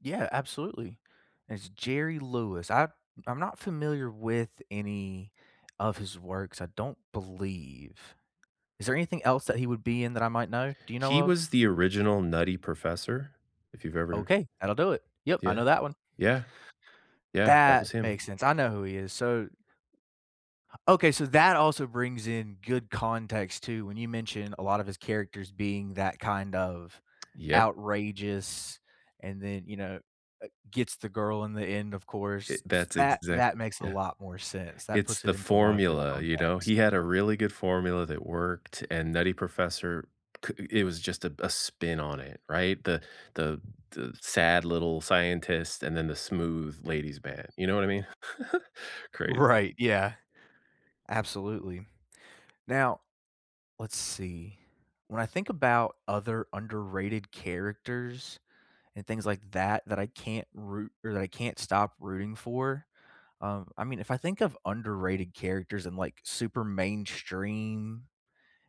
Yeah, absolutely. It's Jerry Lewis, I I'm not familiar with any of his works, I don't believe. Is there anything else that he would be in that I might know, do you know He of? was the original Nutty Professor, if you've ever Okay, that'll do it, yep, I Yeah, know that one. yeah. Yeah, that That was him. makes sense, I know who he is, so Okay, so that also brings in good context too, when you mentioned a lot of his characters being that kind of Yep. outrageous and then, you know, uh, gets the girl in the end, of It course, s that's that that exactly makes a Yeah. lot more sense, that It's puts it the into a lot of good formula, you know, he context. had a really good formula that worked, and Nutty Professor, co i it was just, uh, a spin on it, right, the the the sad little scientist, and then the smooth ladies man, you know what I mean, crazy. Right, yeah, absolutely. Now, let's see. When I think about other underrated characters and things like that, that I can't root or that I can't stop rooting for, um, I mean, if I think of underrated characters and, like, super mainstream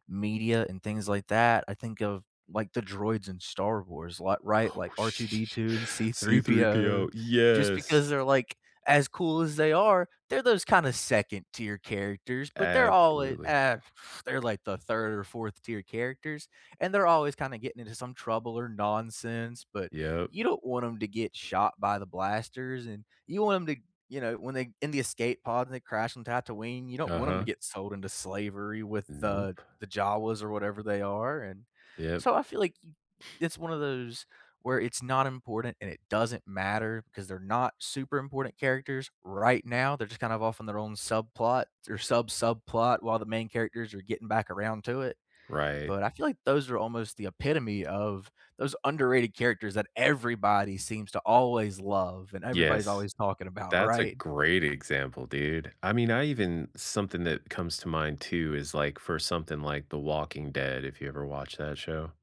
media and things like that, I think of, like, the droids in Star Wars, li right, Oh like sh R2-D2 and C-3PO, C-3PO, just yes. because they're, like, as cool as they are, they're those kinda 2nd tier characters but they're all in Absolutely. ah they're like the 3rd or 4th tier characters, and they're always kinda getting into some trouble or nonsense, but Yep. you don't want 'em to get shot by the blasters, and you want 'em to, you know, when they in the escape pod and they crash on Tatooine, you don't want 'em to Uh-huh. get sold into slavery with the Nope. the Jawas or whatever they are, and Yep. so I feel like, you it's one of those, where it's not important and it doesn't matter 'cause they're not super important characters right now, they're just kinda off on their own subplot or sub subplot while the main characters are getting back around to it Right. but I feel like those are almost the epitome of those underrated characters that everybody seems to always love and everybody's Yes. always talking about, That's a right? great example, dude, I mean, I even something that comes to mind too is, like, for something like The Walking Dead, if you ever watch that show